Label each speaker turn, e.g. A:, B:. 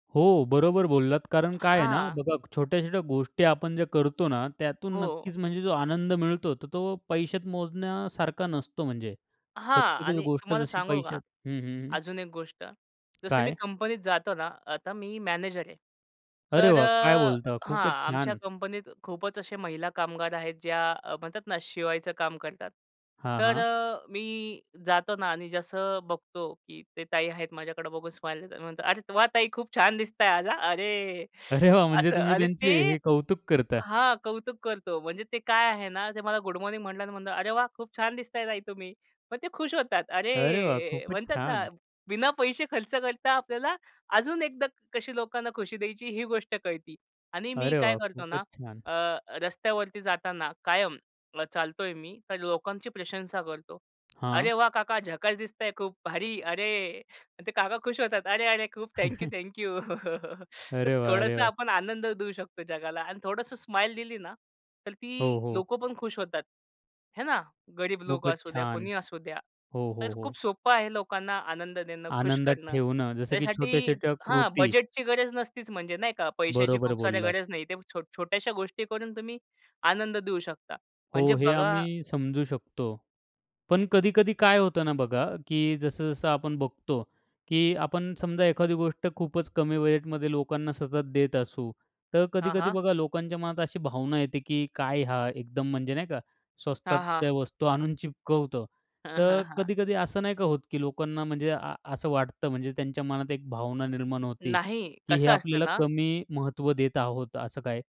A: हो, बरोबर बोललात कारण काय आहे ना
B: हां.
A: बघा, छोट्या-छोट्या गोष्टी आपण जे करतो ना त्यातून
B: हो.
A: नक्कीच म्हणजे जो आनंद मिळतो, तर तो पैशात मोजण्यासारखा नसतो म्हणजे,
B: हां
A: प्रत्येकच
B: आणि
A: गोष्ट
B: तुम्हाला
A: जशी
B: सांगू का,
A: पैशात हं, हं.
B: अजून एक गोष्ट. जसं मी
A: काय?
B: कंपनीत जातो ना, आता मी मॅनेजर आहे
A: अरे
B: तर
A: वाह! काय
B: अ
A: बोलता
B: हां,
A: खूपच
B: आमच्या
A: छान.
B: कंपनीत खूपच अशा महिला कामगार आहेत ज्या अ, म्हणतात ना शिवायचं काम करतात.
A: हां,
B: तर
A: हां.
B: अ, मी जातो ना आणि जसं अ, बघतो की त्या ताई आहेत, माझ्याकडं बघून स्माईल देतात. मी म्हणतो, "अरे वा! ताई, खूप छान दिसत आज हा," अ, अरे
A: अरे वाह! म्हणजे
B: असं,
A: तुम्ही
B: अरे
A: त्यांचे
B: ते
A: हे कौतुक करता?
B: हां, कौतुक करतो. म्हणजे ते काय आहे ना, त्या मला गुड मॉर्निंग म्हणाल्या आणि म्हणलं, "अरे वाह, खूप छान दिसताय ताई तुम्ही." मग त्या खुश होतात.
A: अरे वाह!
B: अरे!
A: खूपच
B: म्हणतात ना,
A: छान.
B: बिना पैसे खर्च करता आपल्याला अजून एकदा कशी लोकांना खुशी द्यायची ही गोष्ट कळते आणि मी
A: अरे
B: काय
A: वाह!
B: करतो
A: खूपच
B: ना,
A: छान.
B: अ, रस्त्यावरती जाताना कायम अ, चालतो आहे मी तर लोकांची प्रशंसा करतो. "अरे
A: हां.
B: वाह! काका झकास दिसताय खूप भारी, अरे!" ते काका खुश होतात. "अरे! अरे! खूप थँक यू-थँक यू. तर
A: अरे वाह, अरे
B: थोडंसं
A: वाह!
B: आपण आनंद देऊ शकतो जगाला आणि थोडंसं स्माईल दिली ना तर ती
A: हो, हो.
B: लोकं पण खुश होतात, आहे ना. गरीब लोक
A: खूपच
B: असू द्या,
A: छान!
B: कोणीही असू द्या,
A: हो,
B: तर
A: हो, हो.
B: खूप सोपं आहे लोकांना आनंद देणं, खुश
A: आनंदात
B: करणं.
A: ठेवणं, जसं की
B: त्यासाठी
A: छोट्या-छोट्या
B: हां,
A: कृती.
B: बजेटची गरज नसतीच म्हणजे नाही का. पैशाची
A: बरोबर
B: खूप साऱ्या
A: बोललात.
B: गरज नाही. ते छोट छोट्याशा गोष्टी करून तुम्ही आनंद देऊ शकता,
A: हो,
B: म्हणजे
A: हे
B: बघा
A: आम्ही समजू शकतो, पण कधी-कधी काय होतं ना, बघा की जसं-जसं आपण बघतो, की आपण समजा एखादी गोष्ट खूपच कमी बजेटमध्ये लोकांना सतत देत असू, तर
B: हां,
A: कधी-कधी
B: हां.
A: बघा लोकांच्या मनात अशी भावना येते की काय हा एकदम म्हणजे नाही का?
B: हां, हां.
A: स्वस्तातच्या वस्तू आणून चिपकवतो. तर कधी-कधी असं नाही का होत की लोकांना म्हणजे आ असं वाटतं, म्हणजे त्यांच्या मनात एक भावना निर्माण होते,
B: नाही,
A: की हे
B: कसं असतं
A: आपल्याला
B: ना
A: कमी महत्त्व देत आहोत, असं काय?